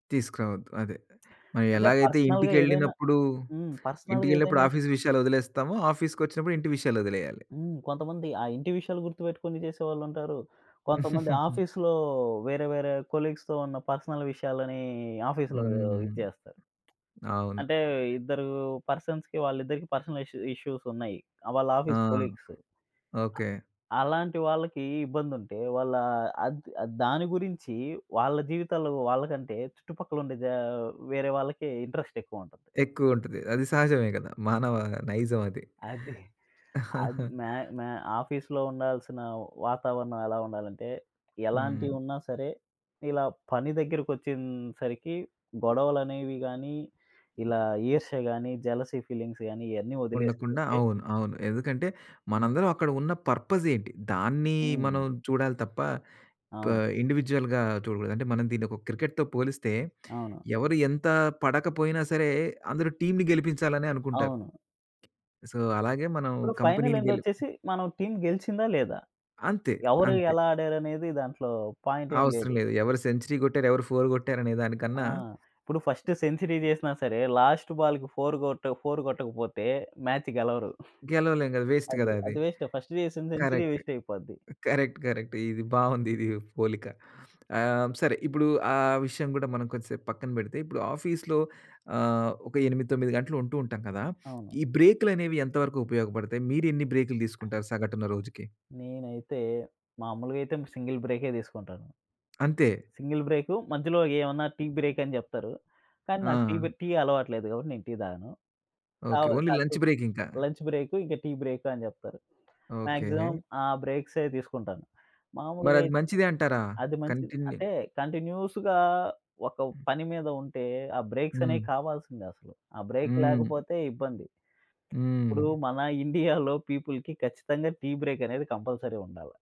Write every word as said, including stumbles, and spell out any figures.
తీసుకురావద్దు అదె. అంటే మరెలాగైతే పర్సనల్‌గా ఏదైనా ఇంటికెళ్ళినప్పుడు, హ్మ్. పర్సనల్‌‌గా ఏదైనా ఇంటికెళ్ళినప్పుడు ఆఫీస్ విషయాలొదిలేస్తామో, ఆఫీస్‌కొచ్చినప్పుడు ఇంటి విషయాలొదిలేయాలి. హ్మ్. కొంతమంది ఆ ఇంటి విషయాలు గుర్తుపెట్టుకొని చేసేవాళ్ళుంటారు. కొంతమంది ఆఫీస్‌లో వేరే వేరే కొలీగ్స్‌తో ఉన్న పర్సనల్ విషయాలని ఆఫీస్‌లో హ్మ్. ఇది జేస్తారు. అవును. అంటే ఇద్దరు పర్సన్స్‌కి వాళ్ళిద్దరికీ పర్సనల్ ఇష్యూ ఇష్యూసున్నాయి. ఆ! వాళ్ళు ఆ! Office colleagues. ఓకే. ఆహ్, అలాంటి వాళ్ళకి ఇబ్బందుంటే వాళ్ళ అద్ అద్ దాని గురించి వాళ్ళ జీవితాలేవో వాళ్ళకంటే చుట్టుపక్కలుండే జా వేరే వాళ్ళకి ఇంట్రెస్ట్ ఎక్కువుంటది. ఎక్కువుంటది. అది సహజమే గదా! మానవ నైజం అది. అది. అద్ మా మా ఆఫీస్‌లో ఉండాల్సిన వాతావరణం ఎలా ఉండాలంటే, హ్మ్. ఎలాంటియి వున్నా సరే, ఇలా పని దగ్గరకొచ్చేన్‌సరికి గొడవలనేవి గాని, ఇలా ఈర్ష్య గాని, జెలసీ ఫీలింగ్స్ గాని ఇయన్నీ ఉండకుండా ఒదిలేసుకుంటే అవును, అవును. ఎందుకంటే మనందరం అక్కడ ఉన్న పర్పస్ ఏంటి? దాన్ని హ్మ్. మనం చూడాలి తప్ప ప అవును. ఇండివిడ్యుయల్‌గా చూడకూడదు. అంటే మనం దీన్ని ఒక క్రికెట్‌తో పోలిస్తే, అవును. ఎవరు ఎంత పడకపోయినా సరే, అందరు టీమ్‌ని గెలిపించాలనే అనుకుంటారు. అవును. సో అలాగే మనం ఇప్పుడు ఫైనల్ కంపెనీని గెలిప్ ఎండొచ్చేసి, మనం టీమ్ గెలిచిందా లేదా? అంతే. ఎవరు అంతే. ఎలా ఆడారనేది దాంట్లో పాయింట్ ఏం అవసరం లేదు. లేదు. ఎవరు సెంచరీ గొట్టారు, ఎవరు ఫోర్ గొట్టారనే దానికన్నా ఆ! ఇప్పుడు ఫస్ట్ సెంచరీ జెసినా సరే, లాస్ట్ బాల్‌కి ఫోర్ గొట్ట ఫోర్ గొట్టకపోతే మ్యాచ్ గెలవరు. గెలవలేం గదా! వేస్ట్ అది. గదా అది. అది వేస్టే. ఫస్ట్ జెసిన సెంచరీ కరెక్ట్. వేస్టయిపోద్ది. కరెక్ట్. కరెక్ట్. ఇది బాగుందిది పోలిక. ఆహ్, సరే ఇప్పుడు ఆ విషయం గూడా మనం కొంసేపు పక్కన పెడితే, ఇప్పుడు ఆఫీస్‌లో ఆహ్, ఒక ఎనిమిది తొమ్మిది గంటలు ఉంటూ ఉంటాం గదా! అవును. ఈ బ్రేక్‌లనేవి ఎంతవరకు ఉపయోగబడతాయి? మీరెన్ని బ్రేక్‌లు దీసుకుంటారు సగటున రోజుకి? నేనైతే, మామూలుగైతే సింగిల్ బ్రేకే దీసుకుంటాను. అంతే. సింగిల్ బ్రేకు, మధ్యలో ఏమన్నా టీ బ్రేక్ అని జెప్తారు. కానీ నాకు టీ బె ఆ! టీ అలవాటు లేదు గాబట్టి, నేను టీ తాగను. కౌ ఓకే. ఓన్లీ లంచ్ కాసేపు బ్రేక్ ఇంకా. లంచ్ బ్రేక్ ఇంక టీ బ్రేక్ అని జెప్తరు. Maximum okay. ఆ బ్రేక్ససవి తీసుకుంటాను. మరది మామూలుగైతే మంచిదే అంటారా? అది మంచిది. కంటిన్యూ అంటే కంటిన్యూయస్‌గా ఒక పని మీద ఉంటే, ఆ హ్మ్. బ్రేక్సనేవి కావాల్సిందె అసలు. ఆ బ్రేక్ హ్మ్. లేకపోతే ఇబ్బంది. ఇప్పుడు హ్మ్. మన ఇండియాలో పీపుల్‌కి ఖచ్చితంగా టీ బ్రేక్ అనేది కంపల్సరీ ఉండాల.